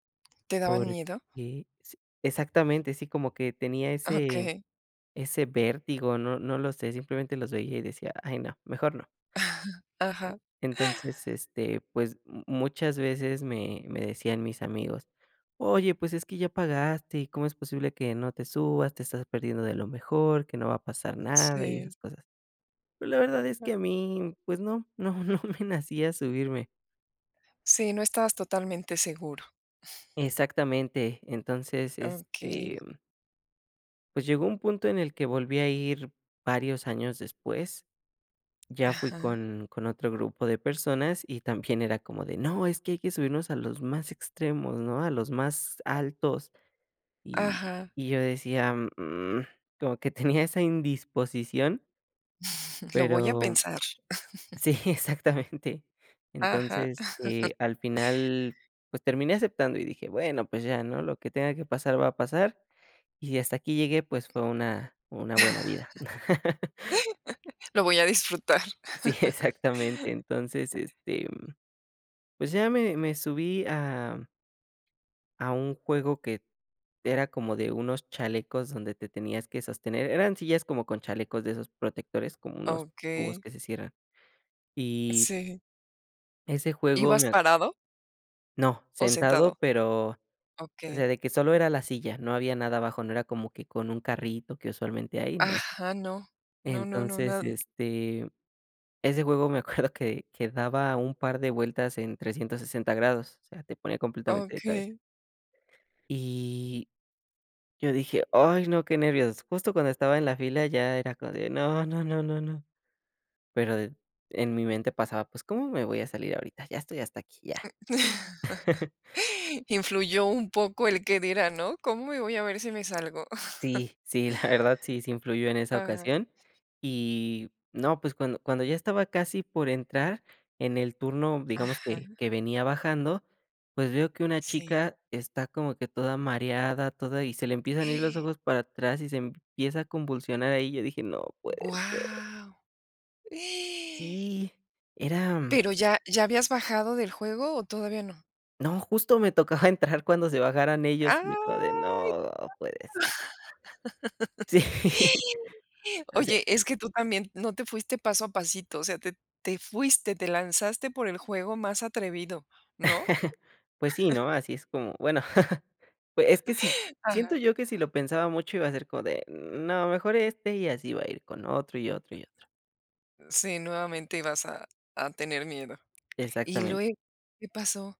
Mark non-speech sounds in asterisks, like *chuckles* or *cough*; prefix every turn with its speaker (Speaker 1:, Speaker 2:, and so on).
Speaker 1: ¿Te daban
Speaker 2: Porque
Speaker 1: miedo?
Speaker 2: s exactamente, sí, como que tenía ese
Speaker 1: Okey.
Speaker 2: ese vértigo, no no lo sé, simplemente los veía y decía: "Ay, no, mejor no".
Speaker 1: *giggles* Ajá.
Speaker 2: Entonces, este, pues, mu muchas veces me me decían mis amigos: "Oye, pues es que ya pagaste, ¿y cómo es posible que no te subas? Te estás perdiendo de lo mejor, que no va a pasar nada", y
Speaker 1: Sí.
Speaker 2: esas cosas. Pero la verdad es que a mí, pues no no no me nacía subirme.
Speaker 1: Sí, no estabas totalmente seguro.
Speaker 2: Exactamente. Entonces, este
Speaker 1: Okey.
Speaker 2: Pues llegó un punto en el que volví a ir varios años después. Ya fui
Speaker 1: Ajá.
Speaker 2: con con otro grupo de personas y también era como de: "No, es que hay que subirnos a los más extremos, ¿no? A los más altos". Y
Speaker 1: Ajá.
Speaker 2: y yo decía: "Mm", como que tenía esa indisposición
Speaker 1: Lo voy a
Speaker 2: Pero
Speaker 1: pensar. *chuckles*
Speaker 2: sí, exactamente.
Speaker 1: Ajá.
Speaker 2: Entonces,
Speaker 1: *chuckles*
Speaker 2: eh, al final, pues, terminé aceptando y dije: "Bueno, pues, ya, ¿no? Lo que tenga que pasar va a pasar. Y si hasta aquí llegué, pues, fue una una buena vida". *chuckles*
Speaker 1: *laughs* Lo voy a disfrutar.
Speaker 2: Sí,
Speaker 1: *chuckles*
Speaker 2: exactamente. Entonces, este, pues, ya me me subí a a un juego que era como de unos chalecos donde te tenías que sostener. Eran sillas como con chalecos de esos protectores, como unos cubos
Speaker 1: Okey.
Speaker 2: que se cierran. Y
Speaker 1: Sí.
Speaker 2: ese juego
Speaker 1: ¿Ibas
Speaker 2: me a
Speaker 1: parado?
Speaker 2: No,
Speaker 1: ¿O
Speaker 2: sentado,
Speaker 1: sentado?
Speaker 2: pero, o sea,
Speaker 1: Okey.
Speaker 2: de que solo era la silla, no había nada abajo, no era como que con un carrito que usualmente hay, no.
Speaker 1: Ajá, no. No, no, no,
Speaker 2: Entonces,
Speaker 1: nada.
Speaker 2: este, ese juego me acuerdo que, que daba un par de vueltas en 360 grados, o sea, te pone completamente de cabeza.
Speaker 1: Okey.
Speaker 2: Y yo dije: "Ay, no, qué nervios". Justo cuando estaba en la fila ya era como de: "No, no, no, no, no". Pero de en mi mente pasaba: "Pues, ¿cómo me voy a salir ahorita? Ya estoy hasta aquí, ya".
Speaker 1: *chuckles*
Speaker 2: *giggles*
Speaker 1: Influyó un poco el qué dirán, ¿no? ¿Cómo y voy a ver si me salgo? *giggles*
Speaker 2: Sí, sí, la verdad sí, sí influyó en esa
Speaker 1: Ajá.
Speaker 2: ocasión. Y no, pues, cuando cuando ya estaba casi por entrar en el turno, digamos
Speaker 1: Ajá.
Speaker 2: que, que venía bajando, pues, veo que una
Speaker 1: Sí.
Speaker 2: chica está como que toda mareada, toda y se le empiezan a ir los
Speaker 1: *gasps*
Speaker 2: ojos para atrás y se empieza a convulsionar ahí. Yo dije: "No puede ser".
Speaker 1: ¡Guau! *gasps*
Speaker 2: Sí, era
Speaker 1: Pero ¿ya ya habías bajado del juego o todavía no?
Speaker 2: No, justo me tocaba entrar cuando se bajaran ellos y yo como de:
Speaker 1: ¡Ay!
Speaker 2: "No puede ser".
Speaker 1: *laughs*
Speaker 2: Sí. O sea
Speaker 1: Oye, es que tú también no te fuiste paso a pasito. O sea, te te fuiste, te lanzaste por el juego más atrevido, ¿no?
Speaker 2: *chuckles* Pues, sí, ¿no? Así es como bueno, *chuckles* pues, es que si siento
Speaker 1: Ajá.
Speaker 2: yo que si lo pensaba mucho iba a ser como de: "No, mejor este", y así iba a ir con otro y otro y otro.
Speaker 1: Sí, nuevamente ibas a a tener miedo. Y
Speaker 2: Exactamen
Speaker 1: luego, ¿qué pasó?